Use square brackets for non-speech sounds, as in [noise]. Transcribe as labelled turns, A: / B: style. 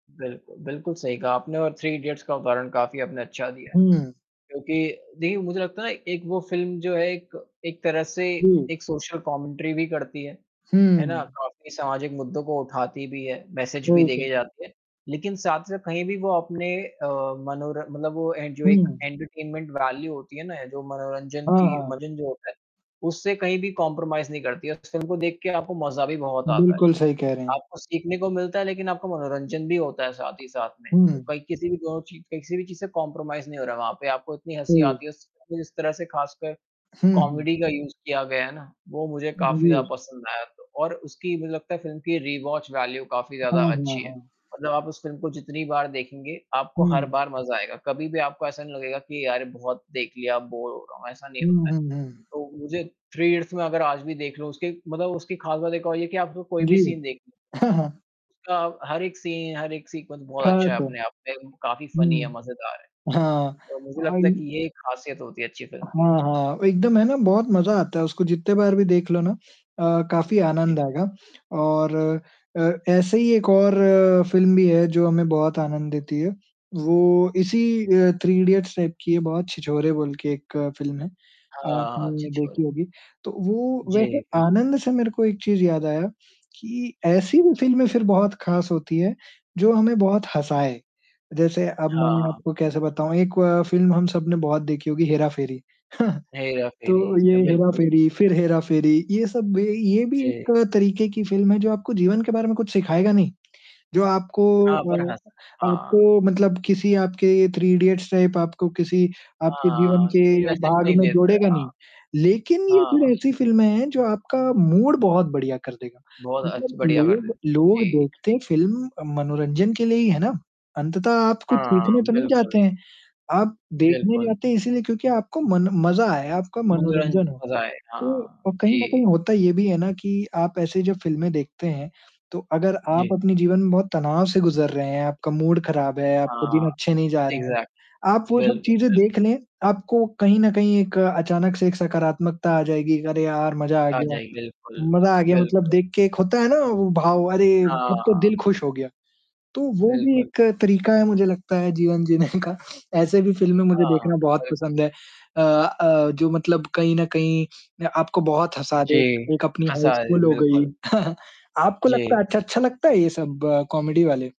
A: बिल्कुल, बिल्कुल सही कहा आपने और थ्री इडियट्स का उदाहरण काफ़ी आपने अच्छा दिया है
B: हुँ।
A: क्योंकि देखिए मुझे लगता है ना, एक वो फ़िल्म जो है एक एक तरह से
B: हुँ।
A: एक सोशल कॉमेंट्री भी करती है, है ना?
B: हुँ।
A: काफ़ी समाजिक मुद्दों को उठाती भी है, मैसेज़ भी
B: वही
A: देके
B: तो।
A: जाती है, लेकिन साथ-साथ कहीं भी वो अपने अ, मनोर मतलब वो ए जो एक
B: हुँ।
A: एंटरटेनमेंट वैल्यू होती है ना, जो मनोरंजन
B: हाँ,
A: की
B: हाँ।
A: मनोरंजन जो होता है उससे कहीं भी कॉम्प्रोमाइज़ नहीं करती है और उस फ़िल्म को देख के आपको मज़ा भी बहुत आता है,
B: बिल्कुल सही कह रहे हैं।
A: आपको सीखने को मिलता है लेकिन आपका मनोरंजन भी होता है साथ ही साथ में, तो
B: हुँ।
A: कहीं किसी भी दोनों ची किसी भी चीज़ से कॉम्प्रोमाइज़ नहीं हो रहा है वहाँ पे, आपको इतनी हँसी
B: हुँ।
A: आती है उस इस तरह से ख़ासकर
B: हुँ, हुँ।
A: कॉमेडी का यूज़ किया गया है ना, वो मुझे
B: उ,
A: काफ़ी ज़्यादा
B: जी।
A: पसंद आया और उसकी मुझे लगता है फ़िल्म की रीवॉच वैल्यू काफ़ी
B: हाँ,
A: ज़्यादा
B: हाँ,
A: अच्छी है,
B: हाँ।
A: मतलब आप उस फ़िल्म को जितनी बार देखेंगे, आपको हर
B: हुँ।
A: बार मज़ा आएगा, कभी-भी आपको ऐसा नहीं लगेगा कि यार ये बहुत देख लिया अब बोर हो रहा हूँ, ऐसा नहीं
B: हुँ,
A: होता है,
B: हुँ, हुँ।
A: तो मुझे थ्री इडियट्स मैं, अगर आज भी देख लूँ, उसके मतलब उसकी ख़ास बात एक और ये है कि आपको कोई भी
B: जी।
A: सीन देख
B: [chuckles]
A: उसका हर एक सी हर एक सीक्वन्स
B: था
A: बहुत अच्छा है,
B: तो
A: अपने आप में, काफ़ी फनी है,
B: हुँ।
A: मज़ेदार
B: हाँ,
A: है और मुझे
B: और
A: लगता है कि ये एक ख़ासियत होती है अच्छी फ़िल्म की।
B: हाँ, हाँ। एकदम है ना, बहुत मज़ा आता है, उसको जितने बार भी देख लो ना अ, काफ़ी
A: जी।
B: आनंद आएगा और अ, ऐसे ही एक और फ़िल्म भी है जो हमें बहुत आनंद देती है, वो इसी अ, थ्री इडियट्स टाइप की है बहुत, छिछोरे बोल के एक फ़िल्म है,
A: हाँ,
B: आपने
A: छिछोरे।
B: देखी होगी, तो वो वैसे
A: जी, बिल्क
B: आनंद से मेरे को एक चीज़ याद आया कि ऐसी
A: जी।
B: भी फ़िल्में फिर बहुत ख़ास होती हैं जो हमें बहुत हँसाए, जैसे अब मैं
A: हाँ।
B: आपको कैसे बताऊँ, एक फ़िल्म हम सबने बहुत देखी होगी, हेरा-फेरी, [chuckles] तो
A: हेरा-फेरी। अ,
B: ये
A: बिल्कुल,
B: हेरा-फेरी,
A: बिल्कुल।
B: फिर हेरा-फेरी, ये सब भी ये भी
A: जी।
B: एक तरीक़े की फ़िल्म हैं जो आपको जीवन के बारे में कुछ सिखाएगा नहीं, जो आपको
A: हाँ, पर
B: अ,
A: हँस हाँ।
B: आपको मतलब किसी आपके थ्री इडियट्स टाइप आपको किसी आपके जीवन
A: हाँ,
B: के
A: तो
B: अ,
A: मैसेज़
B: भाग
A: नहीं
B: में
A: देता है।
B: जोड़ेगा नहीं, लेकिन ये
A: हाँ।
B: फिर
A: हाँ।
B: ऐसी फ़िल्में हैं जो आपका मूड बहुत बढ़िया कर देगा।
A: बहुत अच्छ
B: मतलब
A: बढ़िया कर देती
B: लोग
A: है।
B: लोग
A: जी।
B: देखते फ़िल्म मनोरंजन के लिए ही हैं ना, अंततः आप कुछ
A: हाँ,
B: सीखने तो नहीं जाते
A: बिल्कुल।
B: हैं, आप देखने
A: बिल्कुल।
B: जाते हैं इसीलिए क्योंकि आपको मन मज़ा आए, आपका
A: मनोरन
B: मनोरंजन हो,
A: मज़ा आए।
B: तो
A: हाँ,
B: अ, कहीं न
A: जी।
B: कहीं होता ये भी है ना कि, आप ऐसे जो फ़िल्में देखते हैं, तो अगर आप
A: जी।
B: अपने जीवन में बहुत तनाव से गुज़र रहे हैं, आपका मूड ख़राब है, आपके
A: हाँ,
B: दिन अच्छे नहीं जा रहे हैं,
A: एक्जैक्ट
B: आप वो सब
A: बिल्कुल,
B: चीज़ें
A: बिल्कुल।
B: देख लें, आपको कहीं न कहीं एक अचानक से एक सकारात्मकता आ जाएगी, अरे यार मज़ा आ
A: आ
B: गया,
A: जाई बिल्कुल,
B: मज़ा आ गया, मतलब
A: बिल्कुल।
B: देख के एक होता है ना, वो भाव अरे! अब तो
A: हाँ।
B: दिल खुश हो गया, तो वो भी
A: बिल्कुल।
B: एक तरीक़ा है मुझे लगता है जीवन जीने का [chuckles] ऐसे भी फ़िल्में मुझे
A: हाँ,
B: देखना बहुत
A: बिल्कुल।
B: पसंद है अ अ, जो मतलब कहीं न कहीं अ, आपको बहुत हँसा दें,
A: जी,
B: एक अपनी हाउस
A: हँसाए।
B: फुल हो गई,
A: बिल्कुल।
B: [chuckles] आपको लगता
A: जी।
B: है अच्छा, अच्छा लगता है ये सब कॉमेडी वाले?